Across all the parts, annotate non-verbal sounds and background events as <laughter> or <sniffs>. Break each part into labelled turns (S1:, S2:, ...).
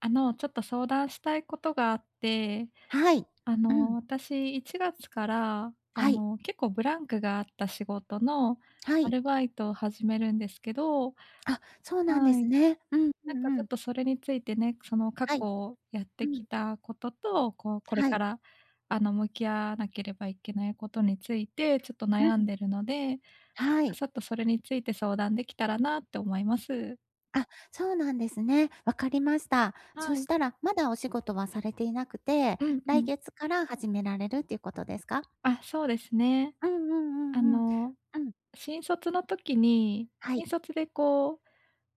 S1: あの、ちょっと相談したいことがあって。
S2: はい。
S1: あ
S2: う
S1: の、
S2: ん。
S1: 私1月から、あ
S2: はい。
S1: の、結構ブランクがあった仕事の、
S2: は
S1: ア
S2: い。
S1: ルバイトを始めるんですけど
S2: あ、そうなんで
S1: はい。
S2: すね。うんう
S1: なんか、
S2: んう
S1: ちょっ
S2: ん。
S1: とそれについてね、その、過
S2: はい。
S1: 去やっ
S2: う
S1: てき
S2: ん。
S1: たことと、こう、これ
S2: は
S1: か
S2: い。
S1: ら、あの、向き合わなければいけないことについて、ちょっと
S2: う
S1: 悩ん
S2: ん。
S1: でるので、
S2: は
S1: あ、
S2: い。
S1: さっとそれについて相談できたらなと思います。
S2: あ、そうなんですね。わかりました。
S1: は
S2: そし
S1: い。
S2: たら、まだお仕事はされていなくて、
S1: うんう
S2: 来
S1: ん。
S2: 月から始められるっていうことですか？
S1: あ、そうですね。
S2: うんう
S1: あ
S2: んうんうん。
S1: の、
S2: うん。
S1: 新卒の時に、
S2: はい。
S1: 新卒で、こう、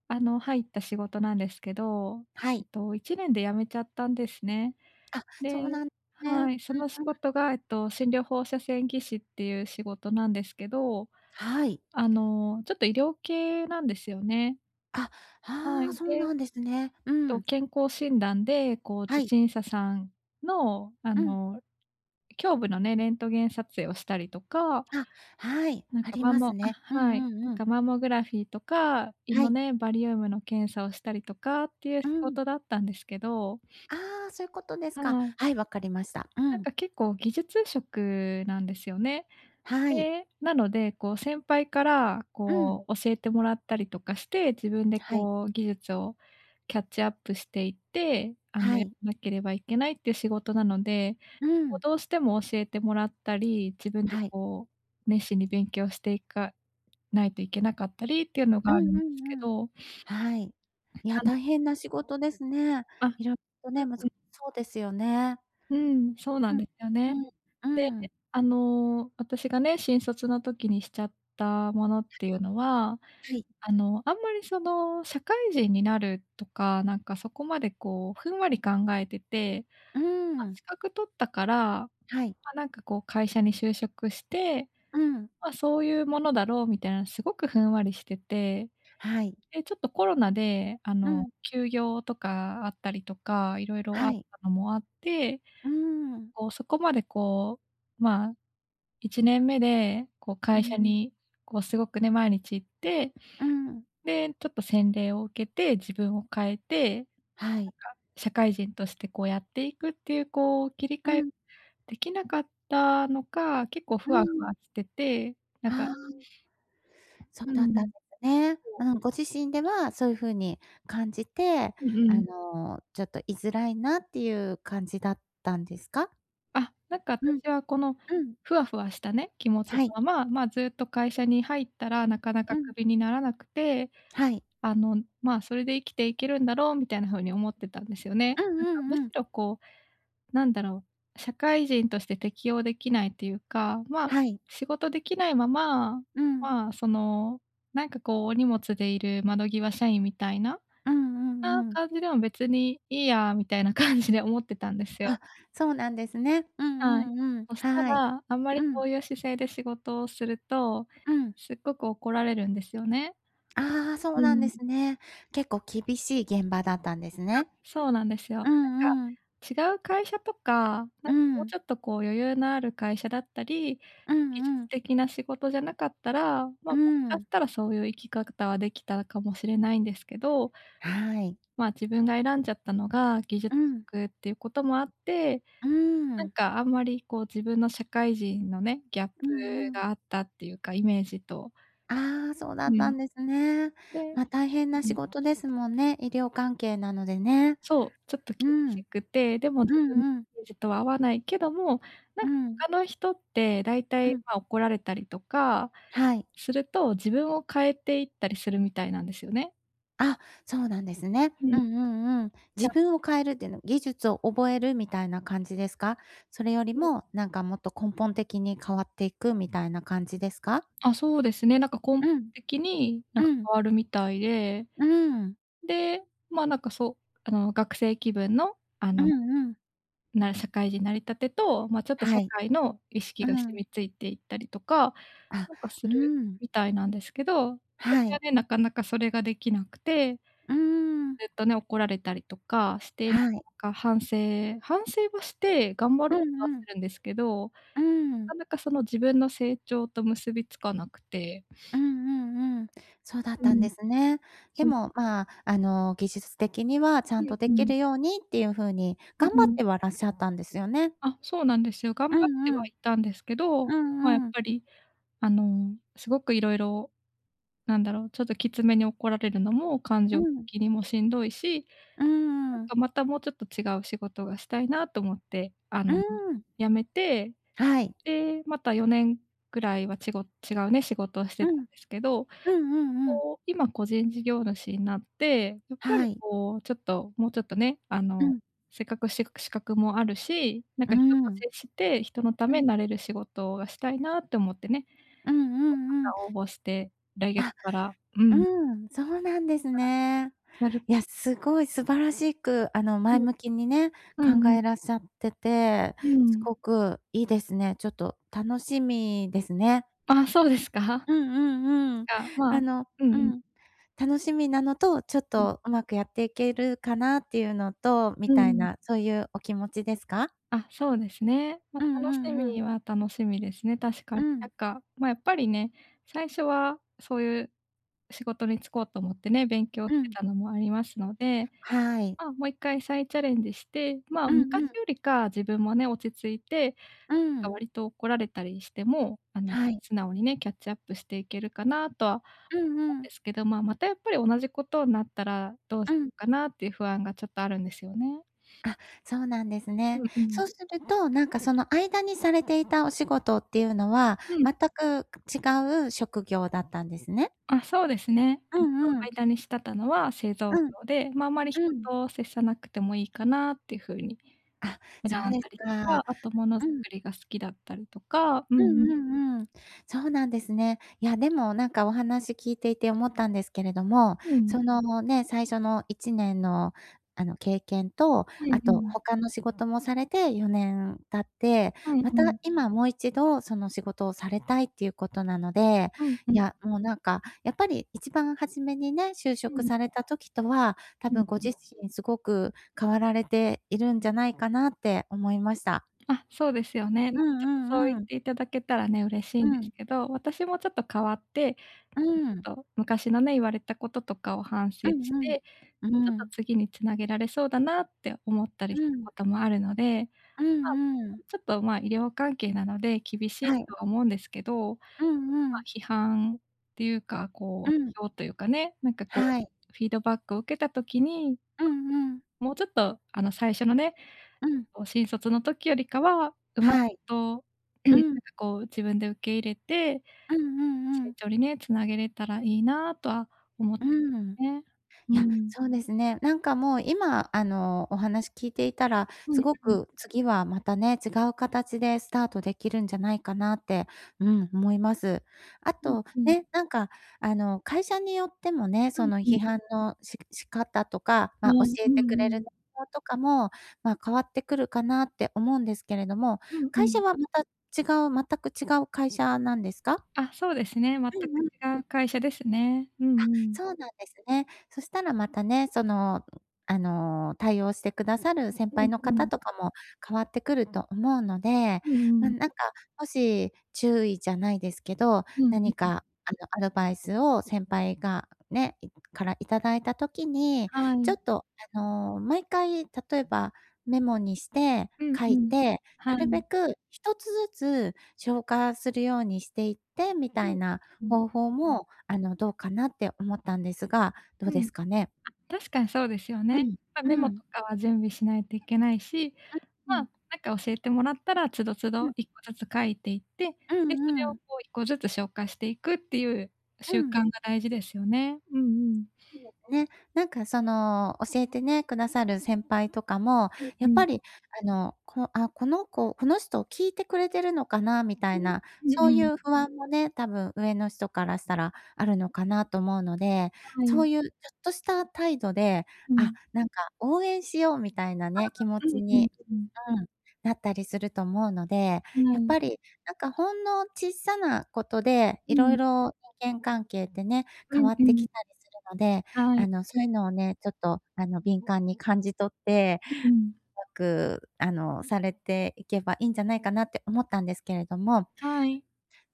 S1: あの、入った仕事なんですけど、
S2: は
S1: えっ
S2: い。
S1: と、1年で辞めちゃったんですね。
S2: あ、
S1: で
S2: そうなんね。
S1: はい、その仕
S2: <unintelligible>
S1: 事が、えっと、診療放射線技師っていう仕事なんですけど、
S2: はい。
S1: あの、ちょっと医療系なんですよね。
S2: あ、
S1: は
S2: ああ、
S1: い、
S2: そう
S1: で、
S2: なんですね。う
S1: と、
S2: ん。
S1: 健康診断で、こう、
S2: は
S1: 受
S2: い。
S1: 診者さんの、あ
S2: うん。
S1: の、胸部のね、レントゲン撮影をしたりとか、
S2: あ、はい、
S1: なん
S2: あ
S1: か、
S2: り
S1: マン
S2: ま
S1: モ
S2: すね。う
S1: あ、は
S2: ん
S1: い、
S2: うん
S1: なん
S2: うん。
S1: か、マンモグラフィーとか、胃
S2: は
S1: の
S2: い。
S1: ね、バリウムの検査をしたりとかっていう
S2: う
S1: 仕
S2: ん。
S1: 事だったんですけど。
S2: ああ、そゆことです
S1: は
S2: か。
S1: い。
S2: はい、わかりました。う
S1: なん
S2: ん。
S1: か、結構、技術職なんですよね。
S2: はい。
S1: で、なので、こう、先輩から、
S2: うん。
S1: こう、教えてもらったりとかして、自分で、
S2: はい。
S1: こう、技術をキャッチアップしていって、あ
S2: は
S1: の、やら
S2: い。
S1: なければいけないっていう仕事なので、
S2: う
S1: こう、
S2: ん。
S1: どうしても教えてもらったり、自分で、
S2: はい。
S1: こう、熱心に勉強していかないといけなかったりっていうの
S2: う
S1: が
S2: ん
S1: あるん
S2: う
S1: で
S2: ん
S1: すけ
S2: うん。
S1: ど。
S2: はい。いや、
S1: <unintelligible>
S2: 大変な仕事ですね。
S1: あ、うん
S2: 色とね、難
S1: うん。
S2: そうですよね。
S1: うん、そう
S2: う
S1: なん
S2: ん、
S1: ですよね。
S2: うん、
S1: でね、
S2: うーん。
S1: あの、私がね、新卒の時にしちゃったものっていうのは、
S2: はい。
S1: あの、あんまり、その、社会人になるとか、なんか、そこまで、こう、ふんわり考えてて。
S2: うー
S1: ま、
S2: ん。
S1: 資格取ったから、
S2: はい。
S1: ま、なんか、こう、会社に就職して、
S2: うん。
S1: ま、そういうものだろうみたいな、すごくふんわりしてて。
S2: はい。
S1: で、ちょっとコロナで、あ
S2: う
S1: の、
S2: ん。
S1: 休業とかあったりとか、いろいろあ
S2: は
S1: っ
S2: い。
S1: たのもあって、
S2: うーん。
S1: こう、そこまで、こう、まあ、1年目で、こ、
S2: う
S1: 会社
S2: ん。
S1: に、こう、すごくね、毎日行って、
S2: うーん。
S1: で、ちょっと洗礼を受けて、自分を変えて。なんか、
S2: はい。
S1: 社会人として、こう、やっていくっていう、こう、切り
S2: う
S1: 替え
S2: ん。
S1: できなかったのか、結構
S2: う
S1: ふ
S2: ー
S1: わふ
S2: ん。
S1: わしてて。なんか
S2: ああ。そう
S1: うー
S2: だったんで
S1: ん。
S2: すね。
S1: そう。
S2: うん、ご自身ではそういう風に感じて、
S1: うん
S2: あ
S1: うん。
S2: の、ちょっといづらいなっていう感じだったんですか？
S1: あ、なんか、
S2: うん。
S1: 私は、この、
S2: うん。
S1: ふわふわしたね気持ちの
S2: はい。
S1: まままあずっと会社に入ったらなかな
S2: う
S1: か
S2: ん。
S1: クビにならなくて
S2: はい。
S1: あのまあそれで生きていけるんだろうみたいな風に思ってたんですよね
S2: うん
S1: なん
S2: う
S1: かむし
S2: んうん。
S1: ろこう何だろう社会人として適応できないというか、まあ、
S2: はい。
S1: 仕事できないまま、
S2: うん。
S1: まあ、その、なんか、こう、お荷物でいる窓際社員みたいな、
S2: うんう
S1: そんな
S2: んうん。
S1: 感じでも別にいいや、みたいな感じで思ってたんですよ。
S2: あ、そうなんですね。う
S1: はい。
S2: んうんうん。
S1: そした
S2: はい。
S1: ら、あんまり
S2: うん。
S1: そういう姿勢で仕事をすると、
S2: うん。
S1: すっごく怒られるんですよね。
S2: ああ、そう
S1: う
S2: なんで
S1: ん。
S2: すね。結構厳しい現場だったんです
S1: あ、
S2: ね。
S1: そうなんですよ。なん
S2: う
S1: か、
S2: んうん。
S1: 違う会社とか、な
S2: う
S1: んか、もう
S2: ん。
S1: ちょっと、こう、余裕のある会社だったり、
S2: う
S1: 技
S2: んう
S1: 術
S2: ん。
S1: 的な仕事じゃなかったら、ま、
S2: うー
S1: もしかし
S2: ん。
S1: たらそういう生き方はできたかもしれないんですけど
S2: はい。
S1: まあ、自分が選んじゃったのが技術
S2: うん。
S1: 職っていうこともあって、
S2: うー
S1: なん
S2: ん。
S1: か、あんまり、こう、自分の社会人のね、ギャップ
S2: うんうん。
S1: があったっていうか、イメージと。
S2: ああ、そうだ
S1: う
S2: った
S1: ん。
S2: んですね。
S1: で
S2: ま、大変な
S1: う
S2: 仕
S1: ん。
S2: 事ですもんね、医療関係なのでね。
S1: そう、ちょっと
S2: うー
S1: 厳
S2: ん。
S1: しくて、でも
S2: う
S1: 自分
S2: んうん。
S1: めじとは合わないけども、な
S2: う
S1: んか
S2: ん。
S1: 他の人って大
S2: う
S1: 体、
S2: ん。
S1: まあ、怒られたりとか
S2: はい。
S1: すると、自分を変えていったりするみたいなんですよね。
S2: あ、そうなんですね。
S1: う
S2: う
S1: ん。
S2: んうんうん。
S1: ち
S2: 自
S1: ゃ
S2: 分を変えるっていうの、技術を覚えるみたいな感じですか？それより
S1: <unintelligible>
S2: も、なんかもっと根本的に変わっていくみたいな感じですか？
S1: あ、そうですね、なんか
S2: う
S1: 根
S2: ん。
S1: 的になんか
S2: うん。
S1: 変わるみたいで。
S2: うーん。
S1: で、ま、なんか、そあの、学生気分の、あ
S2: う
S1: の、
S2: んうん。
S1: な社会人なり立てと、ま、ちょっと社
S2: はい。
S1: 会の意識
S2: う
S1: が染
S2: ん。
S1: みついていったりとか、
S2: あ、
S1: なんか、す
S2: う
S1: る
S2: ん。
S1: みたいなんですけど、私
S2: は
S1: は
S2: い。
S1: ね、なかなかそれができなくて
S2: うーん。
S1: ずっとね、怒られたりとかして、なか
S2: はい。
S1: なか反省反省はして頑張
S2: う
S1: ろうとは
S2: んうん。
S1: するんですけど、な
S2: うーん。
S1: かなかその自分の成長と結びつかなくて。
S2: う
S1: <sniffs>
S2: んうんうん。そうだっ
S1: う
S2: たん
S1: ん。
S2: ですね。で
S1: そう。
S2: も、まあ、あの、技術的にはちゃ
S1: う
S2: ん
S1: ん
S2: とで
S1: う
S2: き
S1: ん。
S2: るようにっていう風に
S1: う
S2: 頑
S1: う
S2: 張っ
S1: ん。
S2: てはらっしゃったんですよね。
S1: あ、そうなんですよ、
S2: う
S1: 頑張って
S2: んう
S1: は
S2: ん。
S1: いたんですけど、
S2: う
S1: まあ、やっ
S2: んうん。
S1: ぱり、あの、すごくいろいろなんだろう、ちょっときつめに怒られるのも感
S2: う
S1: 情
S2: ん。
S1: 的にもしんどいし、
S2: うう
S1: なん
S2: ん。
S1: か、またもうちょっと違う仕事がしたいなと思って、あ
S2: う
S1: の、
S2: ーん。
S1: 辞めて、
S2: はい。
S1: で、また4年ぐらいはちご違うね、仕事をし
S2: う
S1: てた
S2: ん。
S1: んですけど、
S2: うんうんうん。
S1: こう、今個人事業主になって、やっぱ
S2: は
S1: り、
S2: い。
S1: こう、ちょっと、もうちょっとね、あ
S2: う
S1: の、
S2: ん。
S1: せっかくし資格もあるし、なん
S2: うー
S1: か、人と
S2: ん。
S1: 接して人のた
S2: う
S1: めに
S2: ん。
S1: なれる仕事がしたいなって思ってね。こ、
S2: うんう
S1: ま
S2: んうん。
S1: た応募して、来月
S2: あ、
S1: からう
S2: うー
S1: ん。
S2: ん、そうなんです
S1: か
S2: ね。
S1: ら、やる
S2: いや、すごい素晴らしく、あの、
S1: い
S2: 前
S1: え。
S2: 向きにね、
S1: うん
S2: 考
S1: うん。
S2: えらっしゃってて、
S1: うー
S2: す
S1: ん。
S2: ごくいいですね。ちょっと楽しみですね。
S1: あ、そうですか。
S2: うんうんうん。
S1: あ、まあ
S2: あの
S1: うん
S2: う
S1: うん。
S2: ん。楽しみなのと、ちょっ
S1: うん。
S2: とうまくやっていけるかなっていうのと、み
S1: うー
S2: たい
S1: ん。
S2: な、そういうお気持ちですか？
S1: あ、そうですね。ま、
S2: うんう
S1: 楽し
S2: んうん。
S1: みは楽しみですね、確か
S2: う
S1: に。なん
S2: ん。
S1: か、ま、やっぱりね、最初はそういう仕事に就こうと思ってね、勉強
S2: う
S1: して
S2: ん。
S1: たのもありますので、
S2: はい。
S1: まあ、もう一回再チャレンジして、まあ、
S2: うん
S1: 昔
S2: うん。
S1: よりか自分もね、落ち着いて、
S2: うー
S1: なんか、
S2: ん。
S1: 割と怒られたりしても、あの、
S2: はい。
S1: 素直にね、キャッチアップしていけるかなとは
S2: うん
S1: も
S2: う
S1: ん
S2: ん。
S1: ですけど、まあ、またやっぱり同じことんなったらどう
S2: う
S1: し
S2: ん。
S1: かなっていう不安がちょっとあるんですよね。
S2: あ、そうなんです
S1: う
S2: ね。
S1: んうん。
S2: そうすると、なんか、その間にされていたお仕事っていうのは
S1: うん。
S2: 全くく違う職業だったんですね。
S1: あ、そうですね。
S2: う
S1: えっと、
S2: んうん。
S1: 間にしたたのは製造
S2: うん。
S1: 業で、ま、あんまり人
S2: うん。
S1: と接さなくてもいいかなって風に
S2: あ、
S1: 選
S2: そう
S1: ん
S2: です
S1: だりと
S2: か、
S1: か、あと物づ
S2: うん。
S1: くりが好きだったりとか、う
S2: う
S1: んうん。
S2: んうんうん。そうなんですね。いや、でも、なんか、お話聞いていて思ったんですけれども、
S1: うん。
S2: そのね、最初の1年の、あの、経験と、
S1: う
S2: あ
S1: んう
S2: と
S1: ん。
S2: 他の仕事もされて4年経って、
S1: うん
S2: ま
S1: う
S2: た
S1: ん。
S2: 今もう一度その仕事をされたいっていうことなので、
S1: うん
S2: い
S1: う。
S2: や、もう、なんか、やっぱり一番初めにね、就
S1: う
S2: 職
S1: ん。
S2: された時とは、多
S1: うん
S2: 分ご自
S1: う。
S2: 身すごく変わられているんじゃないかなって思いました。
S1: あ、そうですよね。なん
S2: うん
S1: か、ちょっとそ
S2: う
S1: う
S2: んうん。
S1: 言って頂けたらね、嬉しい
S2: う
S1: んです
S2: ん。
S1: けど、私もちょっと変わって、なん
S2: うー
S1: か、
S2: ん。
S1: ちょっと、昔のね、言われたこととかを反省
S2: う
S1: し
S2: んうん、
S1: て、
S2: う
S1: ちょっ
S2: ー
S1: と
S2: ん。
S1: 次に繋げられそうだなって思ったりし
S2: う
S1: た
S2: ん。
S1: こともあるので、
S2: う
S1: まあ、
S2: んうん。
S1: <unintelligible> ちょっと、まあ、医療関係なので厳しい
S2: はい。
S1: とは思うんですけど、
S2: うん
S1: ま
S2: う
S1: あ、
S2: ん。
S1: 批判っていうか、
S2: う
S1: こ
S2: ん。
S1: う、批評というかね、なんか、こう、
S2: はい。
S1: フィードバックを受けた時に
S2: うんうん。
S1: もうちょっと、あの、最初のね、
S2: うん。
S1: こう、新卒の時よりかは、うまい
S2: はい。
S1: と、うん、
S2: う
S1: なん
S2: ん。
S1: か、こう、自分で受け入れて
S2: うんうんう
S1: 成
S2: ん。
S1: 長にね、繋げれたらいいなとは思っ
S2: うー
S1: て、
S2: ん。
S1: ね。う
S2: い
S1: ー
S2: や、
S1: ん。
S2: そうですね。なんか、もう、今、あの、お話聞いていたら、
S1: うん
S2: すご
S1: うん。
S2: く次はまたね、違う形でスタートできるんじゃないかなって、うん、思います。あ
S1: うん
S2: と、
S1: うん。
S2: ね、なんか、あの、会社によってもね、
S1: う
S2: そ
S1: ん
S2: の
S1: う
S2: 批
S1: ん。
S2: 判のし仕方とか、
S1: そ
S2: ま、教
S1: うう
S2: え
S1: ん
S2: てくれる
S1: うん。
S2: な容とかも、まあ、変わってくるかなって思うんですけれども、
S1: うんう
S2: 会社
S1: ん。
S2: はまた違う全く違う会社なんですか？
S1: あ、そうですね。全
S2: う
S1: く
S2: んうん。
S1: 違う会社ですね。うんう
S2: あ、
S1: ん。
S2: そうなんですね。そしたらまたね、その、あの、対応してくださる先
S1: う
S2: 輩
S1: ん
S2: の
S1: う
S2: 方
S1: ん。
S2: とかも変わってくると思うので、
S1: うんう
S2: ま、
S1: ん。
S2: なんか、もし注意じゃないですけど、
S1: うん、う
S2: 何
S1: うん。
S2: か、あの、アドバイスを先輩がね、いからいただいた時に、
S1: は
S2: ちょ
S1: い。
S2: っと、あの、毎回例えばメモにして
S1: うん
S2: 書
S1: う
S2: い
S1: ん、
S2: て、
S1: は
S2: なるべ
S1: い。
S2: く1つずつ消化するようにしていってみ
S1: う
S2: たい
S1: ん、
S2: な
S1: うん。
S2: 方法も、あの、どうかなって思ったんですが、どう
S1: う
S2: で
S1: ん。あ、
S2: すかね。
S1: 確かにそうですよ
S2: う
S1: ね。
S2: ん、
S1: ま、メ
S2: う
S1: モ
S2: ん。
S1: とかは準備しないといけないし、
S2: う、ふ
S1: ま、な
S2: ん。
S1: んか教えてもらったら、都度都
S2: う
S1: 度
S2: ん。
S1: 1個ずつ書いていって、
S2: う
S1: で、それ
S2: んう
S1: を、
S2: ん。
S1: こう、1個ずつ消化していくっていう
S2: う
S1: 習
S2: ん。
S1: 慣が大事ですよね。うんうん。
S2: いいですね。なんか、その教えてね、くださる先輩とかも、
S1: うんう
S2: やっ
S1: ん。
S2: ぱり、あの、こあ、この子この人聞いてくれてるのかなみた
S1: う
S2: い
S1: ん、
S2: な、
S1: うん
S2: そうい
S1: うん。
S2: う不安もね、多分上の人からしたらあるのかなと思うので、
S1: は
S2: そ
S1: い。
S2: ういうちょっとした態度で、
S1: うん。
S2: あ、なんか、応援しようみたいな
S1: あ、
S2: ね、気持
S1: う
S2: ち
S1: んうん
S2: に
S1: うん。
S2: うん、なったりすると思うので、
S1: う
S2: やっ
S1: ん。
S2: ぱり、なんか、ほんのちっさなことで
S1: う
S2: いろい
S1: ん。
S2: ろ人間関係ってね、
S1: う
S2: 変
S1: ん
S2: わっ
S1: う
S2: て
S1: ん。
S2: きたりするので、
S1: はい。
S2: あの、そういうのをね、ちょっと、あの、敏感に感じ取って、
S1: ううん。
S2: 良く、あの、されていけばいいんじゃないかなって思ったんですけれども。
S1: はい。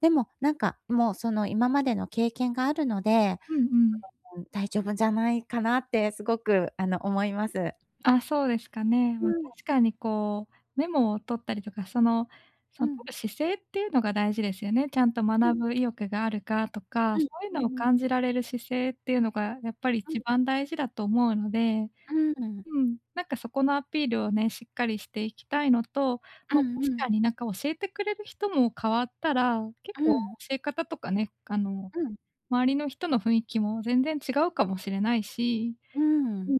S2: でも、なんか、もう、その、今までの経験があるので、
S1: うんうん。
S2: うん、<unintelligible> 大丈夫じゃないかなってすごく、あの、思います。
S1: ああ、そうですかね。
S2: う
S1: ま、
S2: ーん、や
S1: 確かに、こう、メモを取ったりとか、その、そ
S2: う
S1: の
S2: ん。
S1: 取る姿勢っていうのが大事ですよね。ちゃんと
S2: う
S1: 学
S2: ん。
S1: ぶ意欲があるかとか、
S2: は
S1: そ
S2: い、
S1: ういう
S2: そ
S1: の
S2: う
S1: を
S2: ね。
S1: 感じられる姿勢っていうのがやっぱり
S2: ある。
S1: 一番大事だと思うので、
S2: うーん。
S1: うん、なんか、そこのアピールをね、しっかりしていきたいのと、
S2: う
S1: ま、
S2: ん
S1: 確
S2: うん。
S1: かに、なんか、教えてくれる人も変わったら、結
S2: う
S1: 構
S2: ん。
S1: 教え方とかね、あの、
S2: うん。
S1: 周りの人の雰囲気も全然違うかもしれないし。
S2: うー
S1: う
S2: ん。
S1: ん。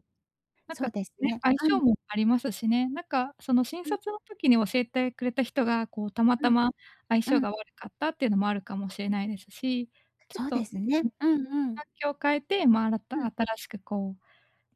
S1: なん
S2: そ
S1: か
S2: うです
S1: ね、
S2: ね、
S1: 相
S2: は
S1: 性
S2: い。
S1: もありますしね。なんか、その新
S2: うん。
S1: 卒の時に教えてくれた人が、こう、たま
S2: う
S1: た
S2: ん、
S1: ま相
S2: う
S1: 性
S2: ん。
S1: が悪かったっていうのもあるかもしれないですし、ちょっ
S2: そうで
S1: と
S2: すね、うんうん。
S1: 環境を変えて、ま、新
S2: う
S1: た
S2: ん。
S1: 新しく、こう、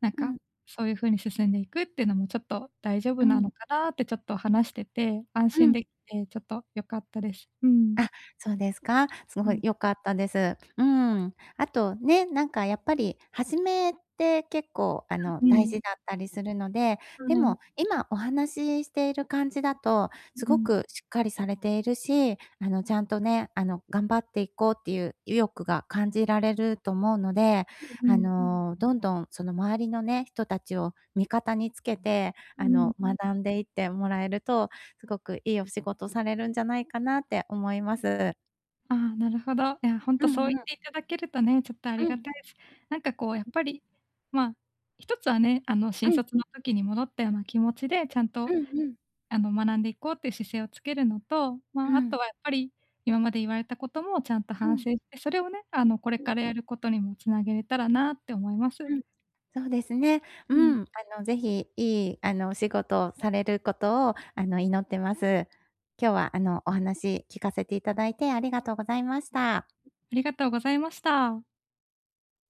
S1: なん
S2: う
S1: か、
S2: ん。
S1: そういう風に進んでいくっていうのもちょっと大丈
S2: う
S1: 夫な
S2: ん。
S1: のかなって、ちょっと話してて安
S2: う
S1: 心
S2: ん。
S1: できて、ちょっと良かったです。うん。
S2: あ、そうですか。す
S1: う
S2: ごい
S1: ん。
S2: 良かったです。うーん。あと、ね、なんか、やっぱり初めって結構、あの、
S1: う
S2: 大
S1: ん。
S2: 事だったりするので、
S1: は
S2: で
S1: い。
S2: も今お話ししている感じだと、
S1: う
S2: す
S1: う
S2: ご
S1: ん。
S2: くしっかりされているし、あの、ちゃんとね、あの、頑張っていこうっていう意欲が感じられると思うので、
S1: う
S2: あ
S1: ん。
S2: の、どんどん、その、周りのね、人たちを味方につけて、
S1: うー
S2: あ
S1: ん。
S2: の、学んでいってもらえると、すごくいいお仕事されるんじゃないかなって思います。
S1: ああ、なるほど。いや、ほん
S2: う
S1: とそう
S2: ん
S1: 言
S2: う
S1: っ
S2: ん。
S1: ていただけるとね、ちょっとあり
S2: う
S1: が
S2: ん。
S1: たいす。なんか、こう、やっぱり、ま、一つはね、あの、
S2: う
S1: 新
S2: ん。
S1: 卒の時に戻ったような気持ちで、ちゃん
S2: う
S1: と
S2: んうん。
S1: あの、学んでいこうっていう姿勢をつけるのと、ま
S2: う
S1: あ、あ
S2: ん。
S1: とはやっぱり今まで言われたこともちゃんと
S2: う
S1: 反
S2: ん。
S1: 省して、それをね、あの、これ
S2: <unintelligible>
S1: からやることにも繋げれたらなって思います。
S2: うん、そうですね。う
S1: うん。
S2: ん、あの、ぜひ、いい、あの、お仕事をされることを、あの、祈ってます。今日は、あの、お話聞かせていただいて、ありがとうございました。
S1: ありがとうございました。